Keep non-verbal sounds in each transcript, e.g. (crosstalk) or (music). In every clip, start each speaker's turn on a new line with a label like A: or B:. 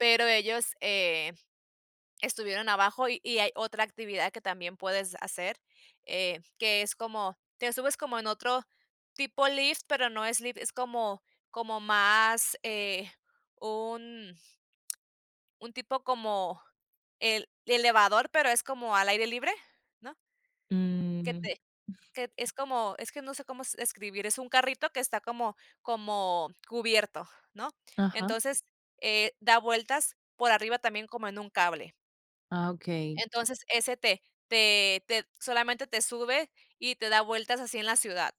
A: Pero ellos, eh, estuvieron abajo y y hay otra actividad que también puedes hacer, eh, que es como, te subes como en otro tipo lift, pero no es lift, es como como más, eh, un un tipo como el elevador, pero es como al aire libre, ¿no? Que
B: Mm.
A: te que t es como, es que no sé cómo s describir, es un carrito que está como como cubierto, ¿no?
B: Ajá.
A: Entonces, eh, da vueltas por arriba también como en un cable.
B: Ah, okey.
A: Entonces, ese te te te solamente te sube y te da vueltas así en la ciudad.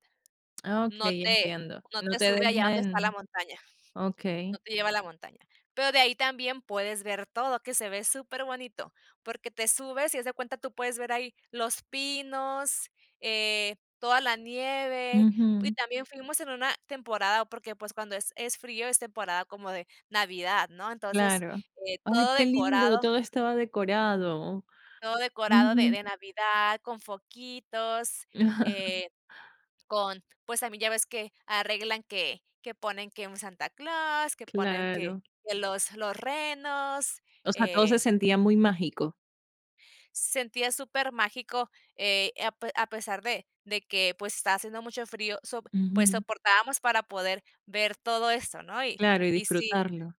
B: Ah,
A: No
B: okey,
A: te
B: entiendo.
A: no
B: No
A: te
B: te
A: sube allá
B: deja
A: donde está la
B: en
A: montaña,
B: okey.
A: no te lleva la montaña. Pero de ahí también puedes ver todo, que se ve super bonito, porque te subes, y haz de cuenta, tú puedes ver ahí los pinos, eh, toda la nieve, y
B: Ujú.
A: también fuimos en una temporada, porque, pues, cuando es es frío es temporada como de Navidad, ¿no? Entonces,
B: Claro.
A: eh,
B: Ay,
A: todo
B: qué lindo,
A: decorado
B: todo estaba decorado.
A: todo decorado de
B: Ujú.
A: de Navidad, con foquitos,
B: (chuckles)
A: eh, con pues, también ya ves que arreglan que que ponen que en Santa Claus, que ponen que
B: Claro.
A: que los los renos,
B: O sea, todo se
A: eh
B: sentía muy mágico.
A: sentía super mágico, eh, a pe a pesar de de que, pues, estaba haciendo mucho frío, sop pues
B: Ujú.
A: soportábamos para poder ver todo esto, ¿no? Y
B: Claro, y
A: y sí
B: disfrutarlo.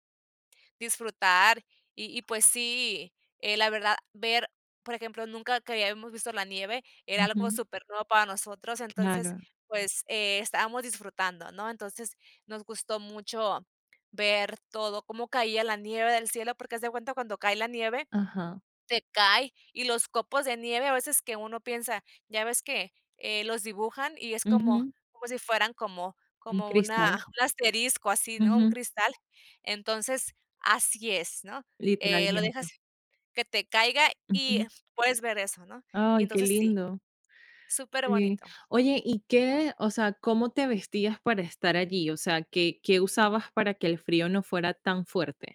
A: disfrutar. Y y, pues sí, eh, la verdad ver, por ejemplo, nunca que habíamos visto la nieve, era algo
B: Ujú.
A: super nuevo para nosotros, entonces,
B: Claro.
A: pues eh, estábamos disfrutando, ¿no? Entonces, nos gustó mucho ver todo, cómo caía la nieve del cielo, porque haz de cuenta cuando cae la nieve,
B: Ajá.
A: te cae, y los copos de nieve a veces que uno piensa, ya ves que, eh, los dibujan y es como
B: Ujú.
A: como si fueran como
B: Un
A: como una
B: cristal.
A: un asterisco así, ¿no? Un
B: Ujú.
A: cristal. Entonces, así es, ¿no? eh, lo dejas
B: Literalmente.
A: que te caiga y
B: Ujú.
A: puedes ver eso, ¿no? Y
B: Ay, qué
A: entonces sí,
B: lindo. Sí.
A: superbonito.
B: Oye, ¿y qué? O sea, ¿cómo te vestías para estar allí? O sea, ¿qué qué usabas para que el frío no fuera tan fuerte?